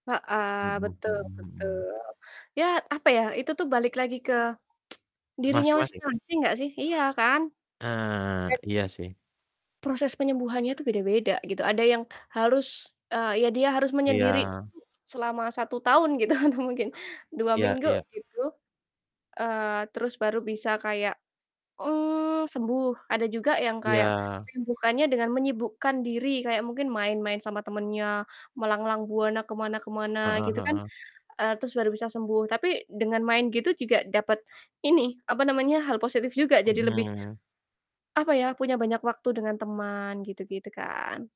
Heeh, Mhm betul mhm betul. mhm. Ya, apa ya, itu tuh balik lagi ke dirinya masing Masing-masing? masing nggak sih, iya kan? Ah, Dan iya sih. proses penyembuhannya tuh beda-beda, gitu. Ada yang harus, eee, ya dia harus menyendiri dulu Iya. selama 1 tahun gitu, atau mungkin, 2 Iya minggu iya. gitu, eee, terus baru bisa kayak, mmm, sembuh. Ada juga yang kayak Iya. menyembuhkannya dengan menyibukkan diri, kayak mungkin main-main sama temannya, melanglang buana ke mana ke mana, Heeh gitu kan, heeh. eee, terus baru bisa sembuh. Tapi, dengan main gitu juga dapet ini, apa namanya, hal positif juga, jadi lebih, Mhm. apa ya, punya banyak waktu dengan teman, gitu-gitu kan?